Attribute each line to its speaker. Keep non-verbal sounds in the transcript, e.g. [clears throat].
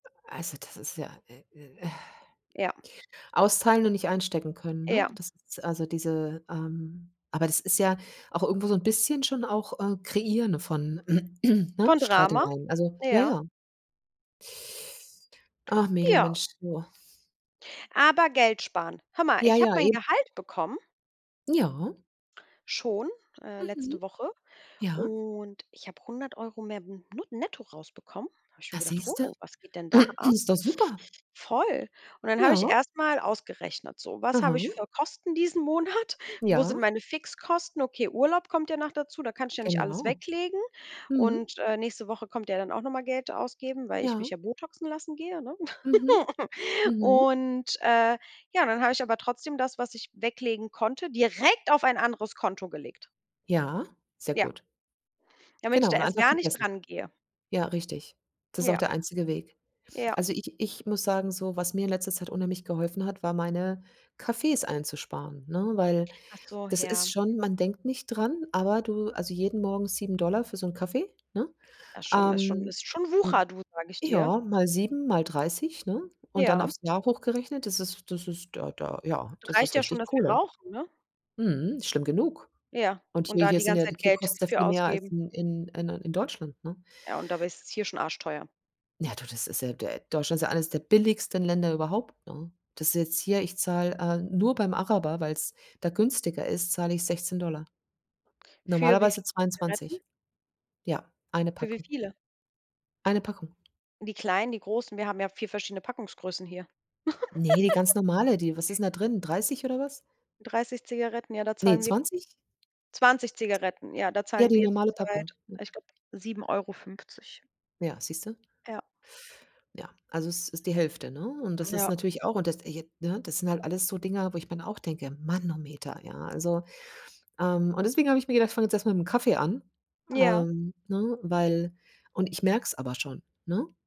Speaker 1: Äh, also das ist ja, äh, äh,
Speaker 2: Ja.
Speaker 1: [exhales] austeilen und nicht einstecken können, ne?
Speaker 2: Ja.
Speaker 1: Das ist also diese ähm, aber das ist ja auch irgendwo so 'n bisschen schon auch, äh, kreieren von, [clears throat] ne,
Speaker 2: Von Drama?
Speaker 1: Streitereien. Also ja,
Speaker 2: Ja.
Speaker 1: ja. Ach, Mädel,
Speaker 2: Ja.
Speaker 1: Mensch, du.
Speaker 2: Aber Geld sparen. Hör mal,
Speaker 1: Ja,
Speaker 2: ich habe
Speaker 1: ja,
Speaker 2: mein
Speaker 1: eben.
Speaker 2: Gehalt bekommen
Speaker 1: Ja.
Speaker 2: schon äh,
Speaker 1: Mhm.
Speaker 2: letzte Woche
Speaker 1: Ja.
Speaker 2: und ich habe 100 € mehr b nu netto rausbekommen. Da habe ich
Speaker 1: Na,
Speaker 2: mir gedacht:
Speaker 1: siehst du.
Speaker 2: „Oh, was geht denn da
Speaker 1: [clears throat]
Speaker 2: ab?“
Speaker 1: Ist doch super.
Speaker 2: Voll. Und dann habe ich
Speaker 1: Ja.
Speaker 2: erst mal ausgerechnet: „So, was habe ich
Speaker 1: Aha.
Speaker 2: für Kosten diesen Monat? Wo sind
Speaker 1: Ja.
Speaker 2: meine Fixkosten?“ Okay, Urlaub kommt ja noch dazu, da kann ich ja nicht alles
Speaker 1: Genau.
Speaker 2: weglegen.
Speaker 1: Mhm.
Speaker 2: Und, äh, nächste Woche kommt ja dann auch noch mal Geld ausgeben, weil ich mich
Speaker 1: Ja.
Speaker 2: ja botoxen lassen gehe, ne?
Speaker 1: Mhm.
Speaker 2: [chuckles]
Speaker 1: Mhm.
Speaker 2: Und, äh, ja, dann habe ich aber trotzdem das, was ich weglegen konnte, direkt auf ein anderes Konto gelegt.
Speaker 1: Ja, sehr
Speaker 2: Ja.
Speaker 1: gut.
Speaker 2: Damit ich
Speaker 1: Genau,
Speaker 2: da
Speaker 1: und
Speaker 2: erst
Speaker 1: einfach
Speaker 2: gar nicht
Speaker 1: vergessen.
Speaker 2: dran gehe.
Speaker 1: Ja, richtig. Das ist auch
Speaker 2: Ja.
Speaker 1: der einzige Weg.
Speaker 2: Ja.
Speaker 1: Also, ich ich muss sagen, so was mir in letzter Zeit unheimlich geholfen hat, war, meine Kaffees einzusparen, ne, weil
Speaker 2: Ach so,
Speaker 1: das ist
Speaker 2: ja.
Speaker 1: schon man denkt nicht dran, aber du also, jeden Morgen 7 $ für so 'n Kaffee, ne?
Speaker 2: Das ist schon ist schon
Speaker 1: Ähm,
Speaker 2: ist schon
Speaker 1: m
Speaker 2: Wucher du, sage ich dir.
Speaker 1: ja, mal 7, mal 30, ne? Und dann
Speaker 2: Ja.
Speaker 1: aufs Jahr hochgerechnet, das ist das ist da da, ja,
Speaker 2: Du
Speaker 1: das
Speaker 2: reicht
Speaker 1: ist
Speaker 2: ja schon,
Speaker 1: richtig
Speaker 2: dass wir
Speaker 1: Kohle.
Speaker 2: rauchen, ne?
Speaker 1: Mhm, schlimm genug.
Speaker 2: Ja,
Speaker 1: Und
Speaker 2: und
Speaker 1: hier
Speaker 2: da
Speaker 1: hier
Speaker 2: die
Speaker 1: sind ja
Speaker 2: ganze
Speaker 1: die
Speaker 2: Zeit
Speaker 1: hier
Speaker 2: Geld
Speaker 1: kostet's ja
Speaker 2: für
Speaker 1: viel mehr als
Speaker 2: ausgeben.
Speaker 1: in in äh, in Deutschland, ne?
Speaker 2: Ja, und dabei ist es hier schon arschteuer.
Speaker 1: Ja, du, das ist ja D äh, Deutschland ist ja eines der billigsten Länder überhaupt, ne? Das ist jetzt hier ich zahle äh, nur beim Araber, weil's da günstiger ist, zahle ich 16 $
Speaker 2: Für wie
Speaker 1: normalerweise
Speaker 2: viele Zigaretten?
Speaker 1: 22. Ja, 1
Speaker 2: Für wie
Speaker 1: Packung.
Speaker 2: viele?
Speaker 1: 1 Packung.
Speaker 2: Die kleinen, die großen wir haben ja 4 verschiedene Packungsgrößen hier.
Speaker 1: Ne, die
Speaker 2: [giggles]
Speaker 1: ganz normale, die was ist denn da drin? 30 oder was?
Speaker 2: 30 Zigaretten, ja, da
Speaker 1: Ne,
Speaker 2: zahlen wir
Speaker 1: 20?
Speaker 2: 20 Zigaretten, ja, da
Speaker 1: Ja,
Speaker 2: zahlen
Speaker 1: die
Speaker 2: wir
Speaker 1: normale Packung.
Speaker 2: zurzeit, ich glaube, 7,50.
Speaker 1: Ja, siehst du?
Speaker 2: Ja.
Speaker 1: Ja, also, es ist die Hälfte, ne? Und das ist
Speaker 2: Ja.
Speaker 1: natürlich auch und das ergibt, ne das sind halt alles so Dinger, wo ich mir dann auch denke: „Manometer”, ja, also, ähm, und deswegen habe ich mir gedacht, ich fange jetzt erst mal mit'm Kaffee an,
Speaker 2: Ja.
Speaker 1: hm, ne, weil und ich merke es aber schon, ne?